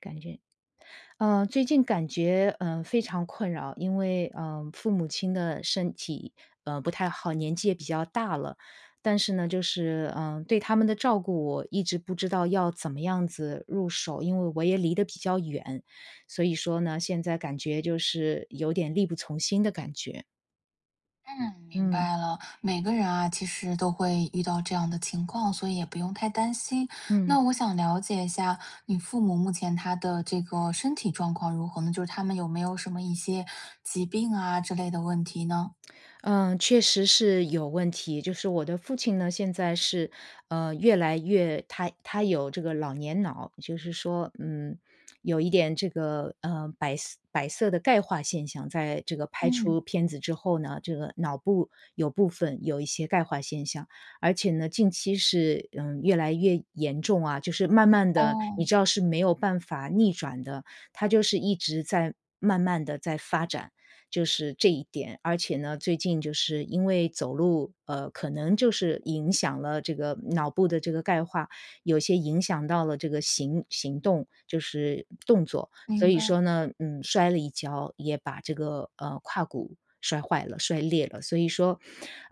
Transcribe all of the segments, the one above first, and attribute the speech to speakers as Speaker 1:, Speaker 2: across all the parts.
Speaker 1: 感觉呃，最近感觉，呃，非常困扰，因为，呃，父母亲的身体，呃，不太好，年纪也比较大了。但是呢就是，呃，对他们的照顾我一直不知道要怎么样子入手，因为我也离得比较远。所以说呢，现在感觉就是有点力不从心的感觉。
Speaker 2: 嗯，明
Speaker 1: 嗯。
Speaker 2: 白了。每个人啊其实都会遇到这样的情况，所以也不用太担心。
Speaker 1: 嗯。
Speaker 2: 那我想了解一下，你父母目前他的这个身体状况如何呢？就是他们有没有什么一些疾病啊之类的问题呢？
Speaker 1: 嗯，确实是有问题。就是我的父亲呢，现在是，呃，越来越他他有这个老年脑。就是说，嗯，有一点这个，呃，白色白色的钙化现象，在这个拍
Speaker 2: 嗯。
Speaker 1: 出片子之后呢，这个脑部有部分有一些钙化现象。而且呢，近期是，嗯，越来越严重啊，就是慢慢地你
Speaker 2: 哦。
Speaker 1: 知道是没有办法逆转的，它就是一直在慢慢地在发展，就是这一点。而且呢，最近就是因为走路，呃，可能就是影响了这个脑部的这个钙化，有些影响到了这个行行动，就是动作。所
Speaker 2: 明
Speaker 1: 以
Speaker 2: 白。
Speaker 1: 说呢，嗯，摔了一跤，也把这个，呃，胯骨摔坏了、摔裂了。所以说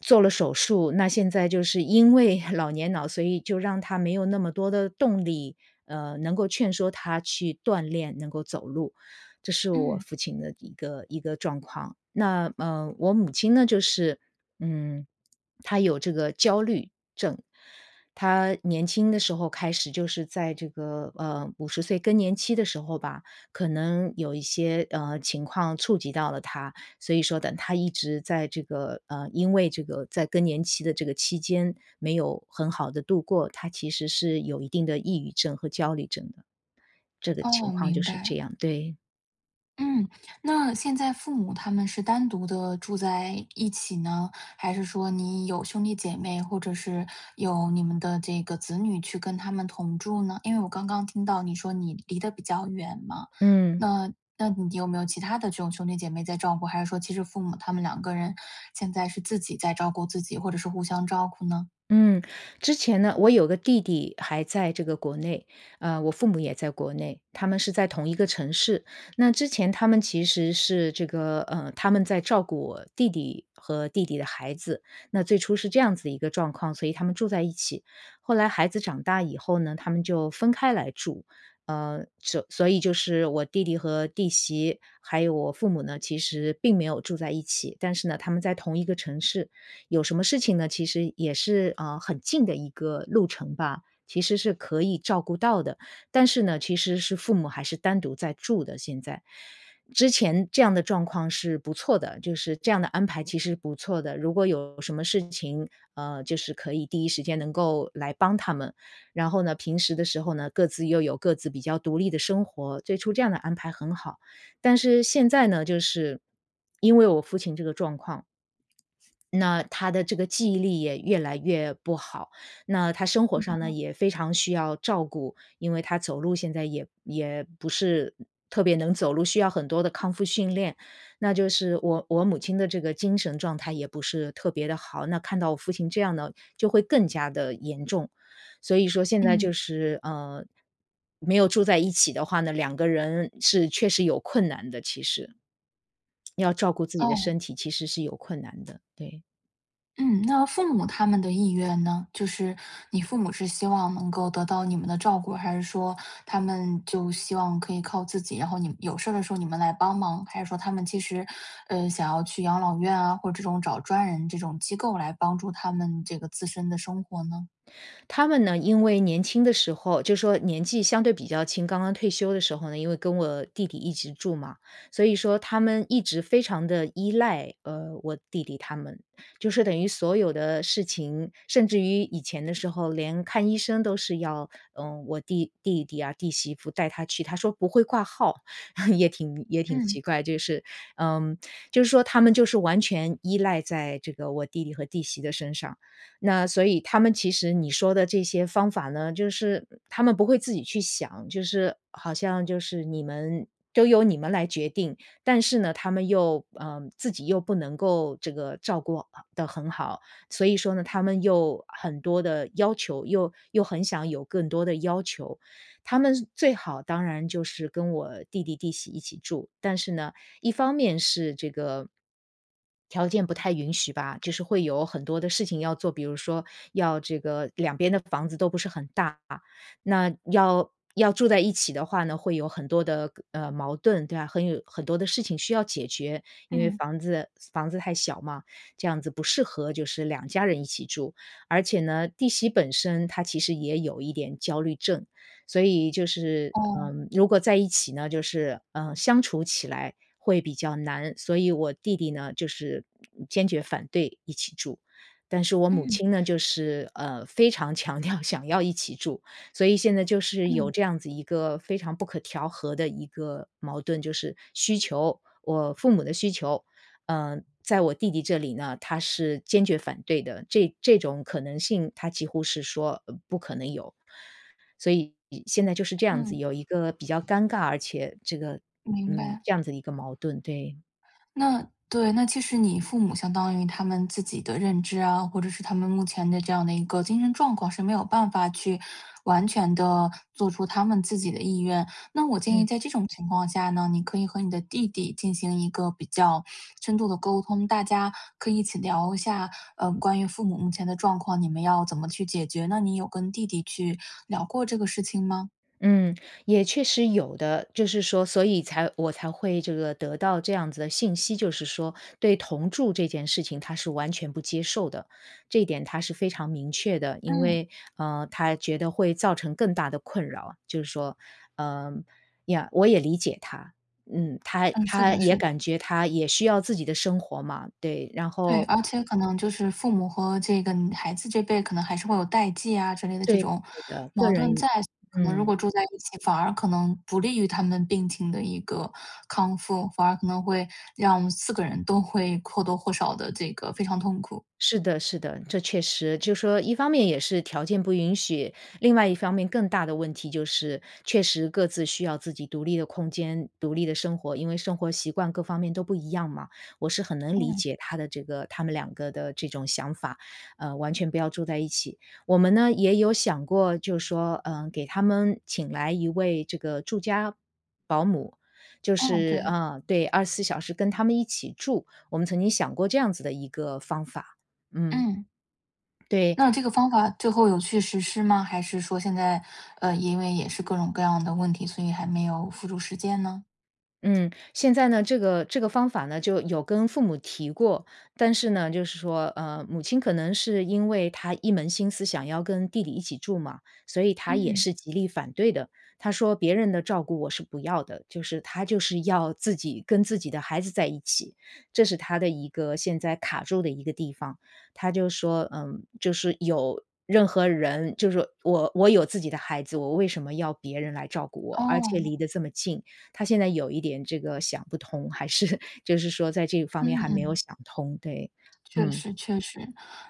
Speaker 1: 做了手术，那现在就是因为老年脑，所以就让他没有那么多的动力，呃，能够劝说他去锻炼，能够走路。这是我
Speaker 2: 嗯。
Speaker 1: 父亲的一个一个状况，那，呃，我母亲呢就是，嗯，她有这个焦虑症。她年轻的时候开始就是在这个，呃，50岁更年期的时候吧，可能有一些，呃，情况触及到了她。所以说等她一直在这个呃，因为这个在更年期的这个期间没有很好地度过，她其实是有一定的抑郁症和焦虑症的。这个情
Speaker 2: 哦，
Speaker 1: 况就
Speaker 2: 明
Speaker 1: 是这
Speaker 2: 白。
Speaker 1: 样，对。
Speaker 2: 嗯，那现在父母他们是单独地住在一起呢？还是说你有兄弟姐妹，或者是有你们的这个子女去跟他们同住呢？因为我刚刚听到你说你离得比较远嘛，
Speaker 1: 嗯。
Speaker 2: 那那你有没有其他的这种兄弟姐妹在照顾，还是说其实父母他们两个人现在是自己在照顾自己，或者说互相照顾呢？
Speaker 1: 嗯，之前呢我有个弟弟还在这个国内。呃，我父母也在国内，他们是在同一个城市。那之前他们其实是这个呃，他们在照顾我弟弟和弟弟的孩子，那最初是这样子的一个状况，所以他们住在一起。后来孩子长大以后呢，他们就分开来住。呃，所所以就是我弟弟和弟媳，还有我父母呢，其实并没有住在一起。但是呢，他们在同一个城市，有什么事情呢，其实也是，呃，很近的一个路程吧，其实是可以照顾到的。但是呢，其实是父母还是单独在住的现在。之前这样的状况是不错的，就是这样的安排其实是不错的。如果有什么事情，呃，就是可以第一时间能够来帮他们。然后呢，平时的时候呢，各自又有各自比较独立的生活。最初这样的安排很好。但是现在呢，就是因为我父亲这个状况。那他的这个记忆力也越来越不好，那他生
Speaker 2: 是
Speaker 1: 活上呢，
Speaker 2: 的。
Speaker 1: 也非常需要照顾。因为他走路现在也也不是嗯，特别能走路，需要很多的康复训练。那就是我我母亲的这个精神状态也不是特别地好，那看到我父亲这样呢，就会更加得严重。所以说现在
Speaker 2: 嗯。
Speaker 1: 就是，呃，没有住在一起的话呢，两个人是确实有困难的，其实要照顾自己的
Speaker 2: 哦。
Speaker 1: 身体其实是有困难的，对。
Speaker 2: 嗯，那父母他们的意愿呢？就是你父母是希望能够得到你们的照顾，还是说他们就希望可以靠自己，然后你们有事儿的时候你们来帮忙，还是说他们其实，呃，想要去养老院啊，或者这种找专人这种机构来帮助他们这个自身的生活呢？
Speaker 1: 他们呢，因为年轻的时候就说年纪相对比较轻，刚刚退休的时候呢，因为跟我弟弟一直住嘛，所以说他们一直非常地依赖，呃，我弟弟他们。就是说等于所有的事情，甚至于以前的时候连看医生都是要，呃，我弟弟弟啊、弟媳妇带他去，他说：“不会挂号。” 也挺也挺
Speaker 2: 嗯。
Speaker 1: 奇怪，就是嗯，就是说他们就是完全依赖在这个我弟弟和弟媳的身上。那所以，他们其实你说的这些方法呢，就是，嗯，他们不会自己去想，就是好像就是你们都由你们来决定。但是呢，他们又嗯，自己又不能够这个照顾好得很好，所以说呢，他们又很多的要求，又又很想有更多的要求，他们是最好当然就是跟我弟弟、弟媳一起住，但是呢，一方面是这个条件不太允许吧，就是会有很多的事情要做。比如说要这个两边的房子都不是很大，那要要住在一起的话呢，会有很多的个呃，矛盾，对啊，很有很多的事情需要解决。因为
Speaker 2: 嗯。
Speaker 1: 房子房子太小嘛，这样子不适合就是两家人一起住，而且呢弟媳本身她其实也有一点焦虑症。所以就是，
Speaker 2: 哦。
Speaker 1: 嗯，如果在一起呢，就是，呃，相处起来会比较难。所以我弟弟呢，就是嗯，坚决反对一起住，但是我母
Speaker 2: 嗯。
Speaker 1: 亲呢就是，呃，非常强调想要一起住。所以现在就是有
Speaker 2: 嗯。
Speaker 1: 这样子一个非常不可调和的一个矛盾，就是需求我父母的需求，嗯，在我弟弟这里呢，他是坚决反对的。这这种可能性，他几乎是说：“呃不可能有。”所以现在就是这样子，
Speaker 2: 嗯。
Speaker 1: 有一个比较尴尬，而且这个
Speaker 2: 明
Speaker 1: 嗯，
Speaker 2: 白。
Speaker 1: 这样子的一个矛盾，对。
Speaker 2: 那对，那其实你父母相当于他们自己的认知啊，或者是他们目前的这样的一个精神状况，是没有办法去完全地做出他们自己的意愿。那我建议
Speaker 1: 嗯。
Speaker 2: 在这种情况下呢，你可以和你的弟弟进行一个比较深度的沟通，大家可以一起聊一下，呃，关于父母目前的状况，你们要怎么去解决呢。那你有跟弟弟去聊过这个事情吗？
Speaker 1: 嗯，也确实有的。就是说所以才我才会这个得到这样子的信息，就是说对同住这件事情他是完全不接受的。这点他是非常明确的，因
Speaker 2: 嗯。
Speaker 1: 为，呃，他觉得会造成更大的困扰，就是说嗯，呀，我也理解他。嗯，他
Speaker 2: 嗯，是
Speaker 1: 他
Speaker 2: 的
Speaker 1: 也
Speaker 2: 是的。
Speaker 1: 感觉他也需要自己的生活嘛，对，然
Speaker 2: 对，
Speaker 1: 后
Speaker 2: 而且可能就是父母和这个嗯，孩子这辈可能还是会有代际啊之类的这
Speaker 1: 对的
Speaker 2: 种
Speaker 1: 对的，个
Speaker 2: 矛盾
Speaker 1: 人
Speaker 2: 在。可能如
Speaker 1: 嗯。
Speaker 2: 果住在一起，反而可能不利于他们病情的一个康复，反而可能会让我们4个人都会或多或少地这个非常痛苦。
Speaker 1: 是的是的。这确实，就说一方面也是条件不允许，另外一方面更大的问题就是，确实各自需要自己独立的空间、独立的生活，因为生活习惯各方面都不一样嘛，我是很能理
Speaker 2: 嗯。
Speaker 1: 解他的这个他们两个的这种想法，呃，完全不要住在一起。我们呢也有想过，就说，呃，给他们请来一位这个住家保姆，就
Speaker 2: 嗯，
Speaker 1: 是，
Speaker 2: 对。
Speaker 1: 呃，对，24小时跟他们一起住，我们曾经想过这样子的一个方法，嗯。
Speaker 2: 嗯。
Speaker 1: 对。
Speaker 2: 那这个方法最后有去实施吗？还是说现在，呃，因为也是各种各样的问题，所以还没有付诸实践呢？
Speaker 1: 嗯，现在呢，这个这个方法呢，就有跟父母提过，但是呢，就是说，呃，母亲可能是因为她一门心思想要跟弟弟一起住嘛，所以她也
Speaker 2: 嗯。
Speaker 1: 是极力反对的。她说别人的照顾我是不要的，就是她就是要自己跟自己的孩子在一起。这是她的一个现在卡住的一个地方。她就说：“嗯，就是有任何人就说我我有自己的孩子，我为什么要别人来照顾我，而且
Speaker 2: 哦。
Speaker 1: 离得这么近。”她现在有一点这个想不通，还是，就是说在这方
Speaker 2: 嗯
Speaker 1: 面还没有
Speaker 2: 嗯。
Speaker 1: 想通。对，
Speaker 2: 确
Speaker 1: 嗯。
Speaker 2: 实确实。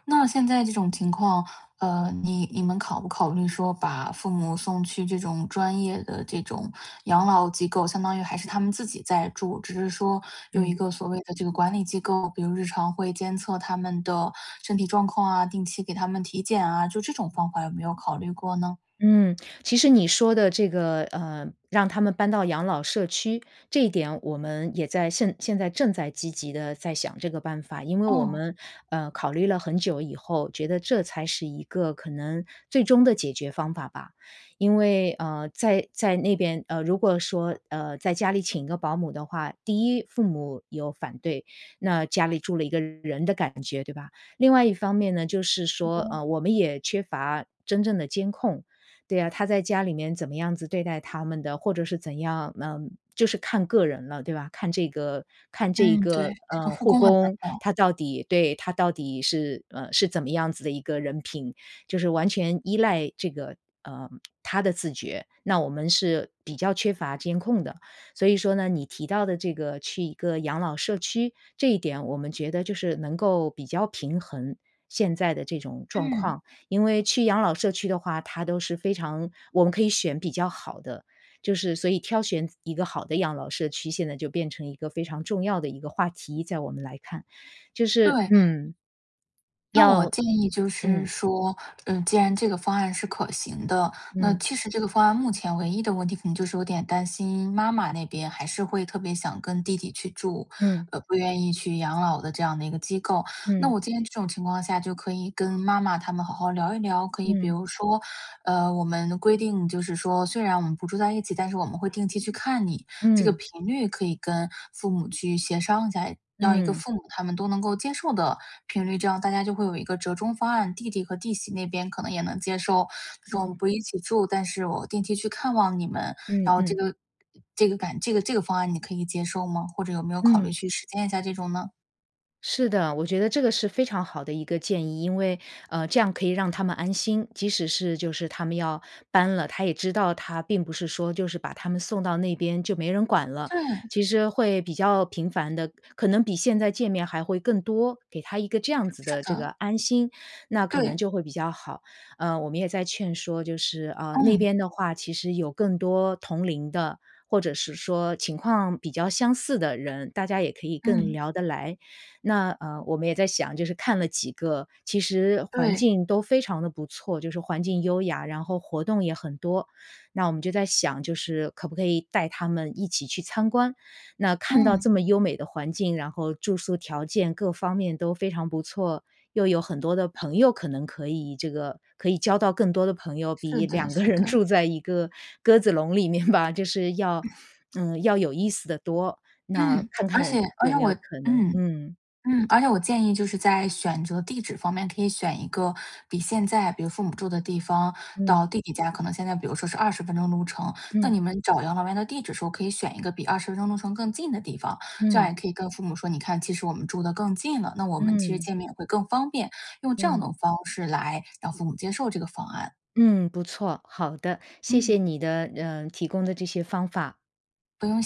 Speaker 2: 那现在这种情况，呃，你你们考不考虑说把父母送去这种专业的这种养老机构。相当于还是他们自己在住，只是说有一
Speaker 1: 嗯。
Speaker 2: 个所谓的这个管理机构，比如日常会监测他们的身体状况啊、定期给他们体检啊，就这种方法有没有考虑过呢？
Speaker 1: 嗯，其实你说的这个，呃，让他们搬到养老社区，这一点我们也在现现在正在积极地在想这个办法。因为我
Speaker 2: 哦。
Speaker 1: 们，呃，考虑了很久以后，觉得这才是一个可能最终的解决方法吧。因为，呃，在在那边呃，如果说，呃，在家里请一个保姆的话，第一，父母有反对，那家里住了一个人的感觉，对吧？另外一方面呢，就是
Speaker 2: 护
Speaker 1: 说，
Speaker 2: 工
Speaker 1: 呃，
Speaker 2: 啊。
Speaker 1: 我们也缺乏真正的监控，对啊，他在家里面怎么样子对待他们的，或者是怎样，嗯，就是看个人了，对吧？看这个看这一
Speaker 2: 嗯，对，
Speaker 1: 个，
Speaker 2: 这个
Speaker 1: 呃，
Speaker 2: 护
Speaker 1: 护
Speaker 2: 工很难
Speaker 1: 工，
Speaker 2: 找。
Speaker 1: 他到底对，他到底是呃，是怎么样子的一个人品，就是完全依赖这个呃，他的自觉，那我们是比较缺乏监控的。所以说呢，你提到的这个去一个养老社区，这一点我们觉得就是能够比较平衡，现在的这种状
Speaker 2: 嗯。
Speaker 1: 况。因为去养老社区的话，它都是非常我们可以选比较好的。就是所以挑选一个好的养老社区现在就变成一个非常重要的一个话题，在我们来看，就是
Speaker 2: 对
Speaker 1: 嗯，
Speaker 2: 那
Speaker 1: 要
Speaker 2: 我建议就是
Speaker 1: 嗯。
Speaker 2: 说，呃，既然这个方案是可行的，那
Speaker 1: 嗯。
Speaker 2: 其实这个方案目前唯一的问题可能就是有点担心妈妈那边还是会特别想跟弟弟去住，
Speaker 1: 嗯。
Speaker 2: 呃，不愿意去养老的这样的一个机构。那
Speaker 1: 嗯。
Speaker 2: 我建议这种情况下就可以跟妈妈他们好好聊一聊，可以比
Speaker 1: 嗯。
Speaker 2: 如说，呃，我们规定就是说：“虽然我们不住在一起，但是我们会定期去看你。”这个
Speaker 1: 嗯。
Speaker 2: 频率可以跟父母去协商一下，让一个
Speaker 1: 嗯。
Speaker 2: 父母他们都能够接受的频率，这样大家就会有一个折中方案，弟弟和弟媳那边可能也能接受，就“我们
Speaker 1: 嗯。
Speaker 2: 不一起住，但是我定期去看望你们”。
Speaker 1: 嗯
Speaker 2: 然后这
Speaker 1: 嗯。
Speaker 2: 个这个感这个这个方案你可以接受吗？或者有没有考虑
Speaker 1: 嗯。
Speaker 2: 去实践一下这种呢？
Speaker 1: 是的，我觉得这个是非常好的一个建议。因为，呃，这样可以让他们安心，即使是就是他们要搬了，他也知道他并不是说就是把他们送到那边就没人管了，其
Speaker 2: 对。
Speaker 1: 实会比较频繁地可能比现在见面还会更多，给他一个这样子
Speaker 2: 是
Speaker 1: 的这个
Speaker 2: 的。
Speaker 1: 安心，那可能
Speaker 2: 对。
Speaker 1: 就会比较好。呃，我们也在劝说，就是，呃，那
Speaker 2: 嗯。
Speaker 1: 边的话其实有更多同龄的，或者是说情况比较相似的人，大家也可以更
Speaker 2: 嗯。
Speaker 1: 聊得来。那，呃，我们也在想就是看了几个其实环
Speaker 2: 对。
Speaker 1: 境都非常地不错，就是环境优雅，然后活动也很多。那我们就在想就是可不可以带他们一起去参观。那看到
Speaker 2: 嗯。
Speaker 1: 这么优美的环境，然后住宿条件各方面都非常不错，又有很多的朋友可能可以这个可以交到更多的朋友，
Speaker 2: 是
Speaker 1: 比
Speaker 2: 的
Speaker 1: 两个
Speaker 2: 是
Speaker 1: 人
Speaker 2: 的。
Speaker 1: 住在一个鸽子笼里面吧，就是要 嗯，要有意思得多，那
Speaker 2: 嗯，
Speaker 1: 看
Speaker 2: 而且
Speaker 1: 看
Speaker 2: 而
Speaker 1: 有
Speaker 2: 且
Speaker 1: 没
Speaker 2: 我
Speaker 1: 有可能
Speaker 2: 嗯
Speaker 1: 嗯。
Speaker 2: 嗯，而且我建议就是在选择地址方面，可以选一个比现在比如父母住的地方
Speaker 1: 嗯。
Speaker 2: 到弟弟家，可能现在比如说是20分钟路程，那
Speaker 1: 嗯。
Speaker 2: 你们找养老院的地址时候可以选一个比20分钟路程更近的地方。这样
Speaker 1: 嗯。
Speaker 2: 也可以跟父母说，你看其实我们住得更近了，那我们其实
Speaker 1: 嗯。
Speaker 2: 见面也会更方便，用这样
Speaker 1: 嗯。
Speaker 2: 的方式来让父母接受这个方案。
Speaker 1: 嗯，不错，好的。谢谢
Speaker 2: 嗯。
Speaker 1: 你的呃，提供的这些方法。
Speaker 2: 不用谢。